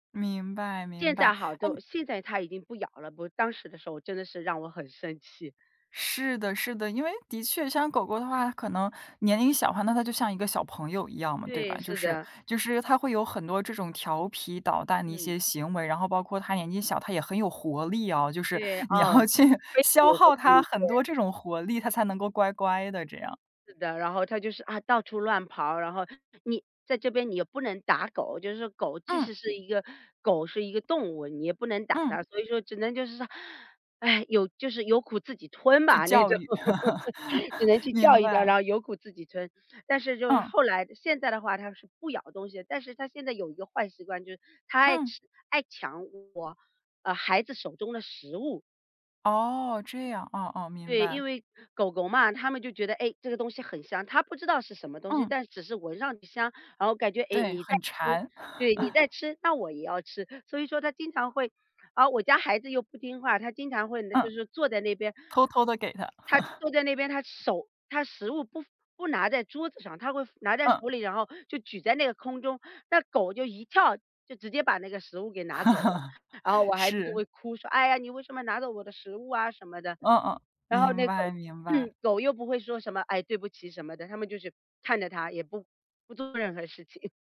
明白现明白。在好哎多现在它已经不咬了，不过当时的时候真的是让我很生气。是的是的，因为的确像狗狗的话可能年龄小的话，那它就像一个小朋友一样嘛，对对，吧。就是是的。就是它会有很多这种调皮捣蛋的一嗯。些行为，然后包括它年纪小，它也很有活力哦，就是对，你哦。要去非常的消有活耗泼力，它很对。多这种活力，它才能够乖乖的这样。是的，然后它就是啊，到处乱跑，然后你在这边你又不能打狗。就是说狗即嗯。使是一个狗是一个动物，你也不能打嗯。它。所以说只能就是说，有就是有苦自己吞去吧，那教种。育。只能 去叫明一叫，然白。后有苦自己吞。但是就是嗯。后来现在的话它是不咬东西，但是它现在有一个坏习惯，就是它爱嗯。吃爱抢我，呃，孩子手中的食物。哦，这样。哦哦，明对，因白。为，狗狗嘛，它们就觉得，哎，这个东西很香，它不知道是什么东西，嗯。但只是我闻上去香，然后感觉，哎，对，你在很吃馋。对，你在 吃那我也要吃。所以说它经常会而我家孩子又不听话，他经常会就嗯。是坐在那边。偷偷地给它。他 坐在那边，他手他食物不不拿在桌子上，他会放拿在嗯。手里，然后就举在那个空中。那狗就一跳，就直接把那个食物给拿走了。然后我孩子就是。会哭说：“哎呀，你为什么拿走我的食物啊？”什么的。哦哦，然后明那白狗明白。狗又不会说什么“唉，对不起”什么的。它们就是看着他，也不不做任何事情。